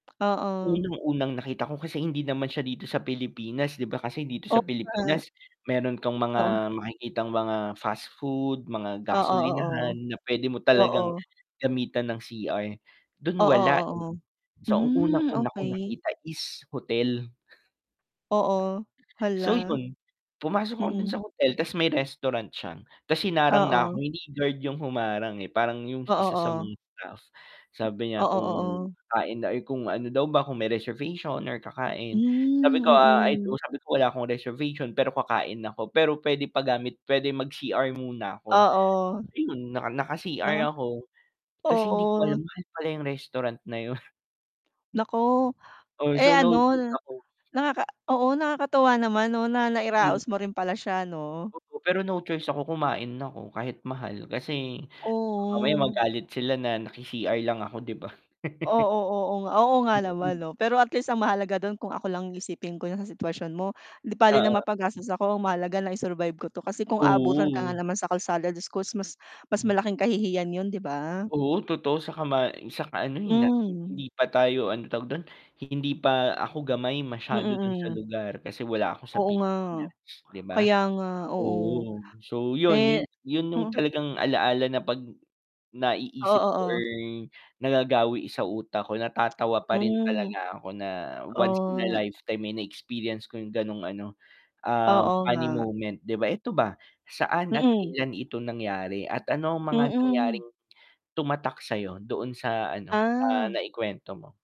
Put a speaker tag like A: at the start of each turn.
A: Oo.
B: Unang-unang nakita ko kasi hindi naman siya dito sa Pilipinas, di ba, kasi dito
A: O,
B: sa
A: nga.
B: Pilipinas, meron kang
A: Oo.
B: mga makikitang mga fast food, mga
A: Oo, oo.
B: gasolinahan na pwede mo talagang
A: Oo.
B: gamitan ng cr dun
A: Oo,
B: wala eh.
A: oo.
B: So, ang
A: Hmm,
B: unang-una kung
A: okey.
B: nakita is hotel.
A: Oo.
B: So
A: Hala.
B: yun. Pumasok ako dun
A: Mm.
B: sa hotel ta's may restaurant siya, ta's hinarang na ako,
A: Oo.
B: hindi guard yung humarang eh, parang yung
A: Oo,
B: isa sa
A: oo.
B: mga staff. Sabi niya
A: Oo,
B: kung
A: oo.
B: kakain or kung ano daw ba kung may reservation or kakain, sabi
A: Hmm,
B: ko ah, ay do
A: mm.
B: sabi ko, wala akong reservation pero kakain ako pero pwede pagamit pwede mag-cr muna ako.
A: Oo.
B: Ayun, naka naka-cr
A: 'No?
B: ako. Ta's hindi ko alam
A: Oo.
B: mahal pala yung restaurant na yun.
A: Naku,
B: Oh,
A: eh,
B: so naudlot
A: ano,
B: ako.
A: nakaka oo, nakakatuwa naman no na nairaos mo rin pala siya 'no.
B: Opo pero no choice ako, kumain ako, kahit mahal kasi mamaya
A: Oo.
B: magalit sila na naki-cr lang ako di ba?
A: Oo, oo nga oo nga naman
B: Mm.
A: pero at least ang mahalaga dun kung ako lang ang isipin ko sa sitwasyon mo, dibale na
B: Oo.
A: mapagastos ako ang mahalaga nai-survive ko 'to kasi kung aabutan ka nga
B: Oo.
A: naman sa kalsada jusko mas mas malaking kahihiyan yun, di ba?
B: Oo, totoo saka ma saka ano eh, nating
A: Hmm.
B: hindi pa tayo ano tawag dun? Hindi pa ako gamay
A: Mm,
B: masyado dun sa
A: mm.
B: lugar kasi wala ako sa
A: Oo nga.
B: Pilipinas, di ba?
A: Kaya nga, oo.
B: Oo. So yun, yun
A: Eh
B: yun yung
A: mm.
B: talagang ala-ala na 'pag naiisip
A: Oo,
B: ko or
A: oo.
B: nagagawi sa utak ko natatawa pa rin
A: Hmm.
B: talaga ako na once in a
A: Oh.
B: lifetime eh, na-experience ko yung ganong ano, ah,
A: Oo
B: funny
A: nga.
B: moment, di ba. Ito ba, saan at
A: Mm.
B: kailan ito nangyari at ano ang mga
A: Mm.
B: nangyaring tumatak sa'yo doon sa ano, sa
A: Ah.
B: nai-kwento mo?